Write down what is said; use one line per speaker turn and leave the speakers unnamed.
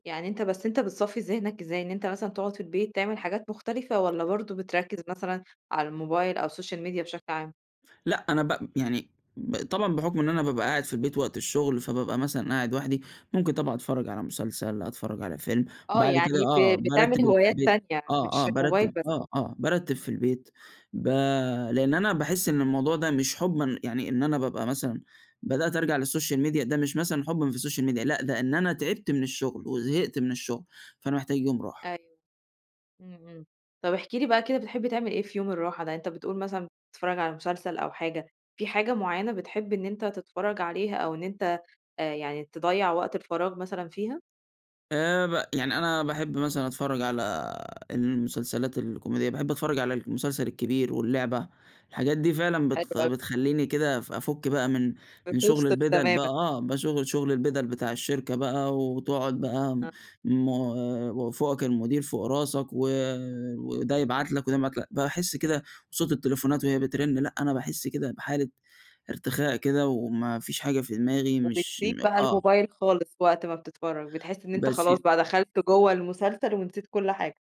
يعني أنت بس أنت بتصفّي ذهنك إزاي؟ إن أنت مثلًا تقعد في البيت تعمل حاجات مختلفة والّا برضه بتركز مثلًا على الMobile أو الSocial Media بشكل عام؟
لأ أنا ب يعني ب طبعًا بحكم إن أنا بابقى قاعد في البيت وقت الشغل، فبابقى مثلًا قاعد لوحدي، ممكن طبعًا أتفرج على مسلسل، أتفرج على فيلم،
آه
بعد كده
يعني
آه،
ب
بارتّب
بتعمِل
اللي في
هوايات
البيت
تانية يعني
آه، آه،
مش الMobile
بارتّب
بس؟
آه، آه، بارتّب في البيت ب لأن أنا باحس إن الموضوع ده مش حبًا يعني إن أنا بابقى مثلًا بدأت أرجع للSocial Media ده مش مثلًا حبًا في الSocial Media لأ ده إن أنا تعبت من الشغل، وزهقت من الشغل فأنا محتاج يوم راحة.
أيوه، إمم، إمم، طَب احكِ لي بقى كده بتحب تعمل إيه في يوم الراحة ده، أنت بتقُول مثلًا بتتفرج على مسلسل أو حاجة، في حاجة معيّنة بتحب إن أنت تتفرج عليها أو إن أنت آآ يعني تضيّع وقت الفراغ مثلًا فيها؟
آآ ب يعني أنا باحب مثلًا أتفرج على المسلسلات الكوميدية، باحب أتفرج على المسلسل الكبير واللعبة، الحاجات دي
طَب
فعلًا
حلو
بت
أوي.
بتخلّيني كده اف أفُك بقى من من شغل
بتفصل
البِدَل بقى
تمامًا.
آه، بشغ شغل البِدَل بتاع الشركة بقى وتقعد بقى
آه.
م وفوقك المدير فوق راسك و وده يبعت لك وده ما [unintelligible] باحس كده صوت التليفونات وهي بترن لأ أنا باحس كده بحالة ارتخاء كده، وما فيش حاجة في دماغي مش
وبتسيب بقى
آه.
الMobile خالص وقت ما بتتفرج، بتحس إن أنت
بس
خلاص
ي
بقى دخلت جوه المسلسل ونسيت كل حاجة.